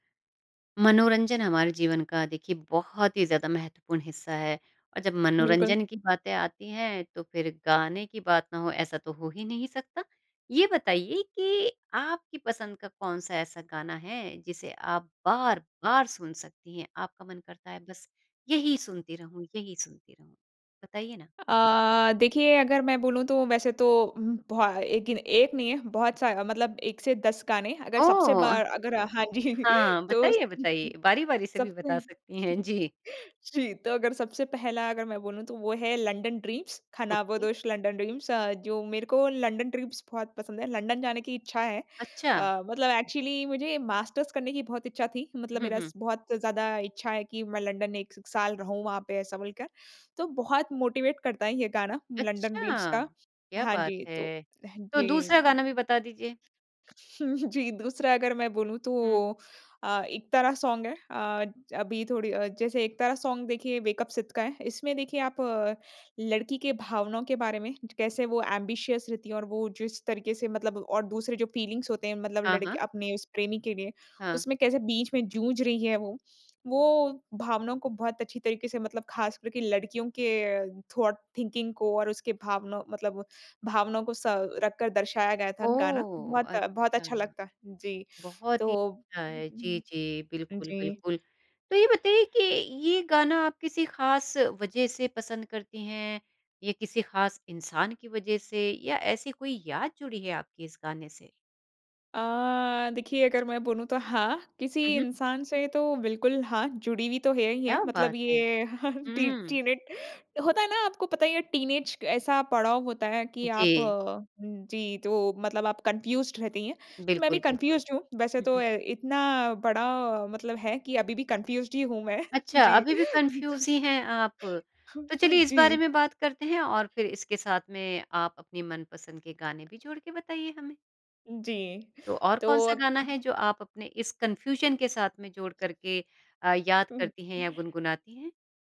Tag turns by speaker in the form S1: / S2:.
S1: मनोरंजन हमारे जीवन का देखिए, बहुत ही ज़्यादा महत्वपूर्ण हिस्सा है, और जब
S2: बिल्कुल।
S1: मनोरंजन की बातें आती हैं, तो फिर गाने की बात ना हो, ऐसा तो हो ही नहीं सकता। ये बताइए कि आपकी पसंद का कौन-सा ऐसा गाना है, जिसे आप बार-बार सुन सकती हैं? आपका मन करता है बस यही सुनती रहूँ, यही सुनती रहूँ। बताइए ना?
S2: अ, देखिए, अगर मैं बोलूँ, तो वैसे तो, हुँ, बहु एक गिन एक नहीं है, बहुत सा मतलब एक से 10 गाने। अगर सबसे
S1: ओह!
S2: बार अगर हाँ जी,
S1: हाँ,
S2: तो
S1: बताइए, बताइए। बारी-बारी से भी बता
S2: सबसे
S1: सकती हैं। जी।
S2: जी, तो अगर सबसे पहला अगर मैं बोलूँ, तो वो है, लंडन ड्रीम्स,
S1: ओके।
S2: खानाबदोश लंडन ड्रीम्स अ, जो मेरे को लंडन ड्रीम्स बहुत पसंद है। लंडन जाने की इच्छा है
S1: अच्छा।
S2: अ, मतलब एक्चुअली मुझे मास्टर्स करने की बहुत इच्छा थी, मतलब
S1: हुँ,
S2: मेरा
S1: हुँ।
S2: स बहुत ज़्यादा इच्छा है कि मैं लंडन 1 स साल रहूँ, वहाँ पे, ऐसा बोलकर। तो बहुत मोटिवेट करता है ये गाना, लंडन ड्रीम्स
S1: अच्छा,
S2: का।
S1: क्या
S2: हाँ
S1: बात
S2: जी, तो
S1: है। तो
S2: जी
S1: दूसरा गाना भी
S2: [unintelligible]
S1: बता दीजिए।
S2: जी, दूसरा अगर मैं बोलूँ, तो
S1: हुँ।
S2: अ, इकतारा सॉन्ग है। अ, अभी थोड़ी अ, जैसे इकतारा सॉन्ग, देखिए, वेक अप सिड का है। इसमें देखिए, आप लड़की के भावनाओं के बारे में, कैसे वो ऐम्बिशियस रहती हैं, और वो जिस तरीके से मतलब और दूसरे, जो फ़ीलिंग्स होते हैं, मतलब
S1: हाँ,
S2: लड़के
S1: हाँ।
S2: अपने उस प्रेमी के लिए,
S1: हाँ।
S2: उसमें कैसे बीच में जूझ रही है वो, वो भावनाओं को बहुत अच्छी तरीके से, मतलब खासकर के लड़कियों के थॉट थिंकिंग को और उसके भावनौ मतलब भावनाओं को स रखकर दर्शाया गया था, गाना।
S1: ओह!
S2: बहुत, बहुत
S1: अच्छा।
S2: अच्छा लगता। जी,
S1: बहुत
S2: तो
S1: ही अच्छा है। जी,
S2: उम,
S1: जी,
S2: हुँ, हुँ।
S1: बिल्कुल,
S2: जी।
S1: बिल्कुल, तो ये बताइए कि ये गाना आप किसी ख़ास वज़ह से पसंद करती हैं, या किसी ख़ास इंसान की वज़ह से, या ऐसी कोई याद जुड़ी है आपकी, इस गाने से?
S2: अ, देखिए, अगर मैं बोलूँ, तो हाँ, किसी
S1: हुँ, हुँ।
S2: इंसान से तो, बिल्कुल, हाँ, जुड़ी हुई तो है ही है,
S1: क्या
S2: मतलब
S1: बात है।
S2: ये टी
S1: हुँ।
S2: टीनेट होता है ना, आपको पता ही है, टीनेज क ऐसा पड़ाव होता है कि आप
S1: जी।
S2: उम, जी, तो मतलब आप कन्फ्यूज़्ड रहती हैं। तो मैं भी
S1: बिल्कुल, बिल्कुल।
S2: कन्फ्यूज़्ड हूँ। वैसे
S1: हुँ,
S2: तो
S1: हुँ।
S2: अ, इतना बड़ा मतलब है कि अभी भी कन्फ्यूज़्ड ही हूँ मैं।
S1: अच्छा,
S2: जी।
S1: अभी भी कन्फ्यूज़ ही हैं आप। तो चलिए, इस
S2: जी।
S1: बारे में बात करते हैं, और फिर इसके साथ में आप अपनी मनपसंद के गाने भी जोड़ के बताइए हमें।
S2: जी।
S1: तो और
S2: तो
S1: कौन-सा
S2: अग
S1: गाना
S2: अ
S1: है, जो आप अपने इस कन्फ्यूज़न के साथ में जोड़ कर के अ, याद
S2: हुँ,
S1: करती हैं या
S2: हुँ।
S1: गुनगुनाती हैं?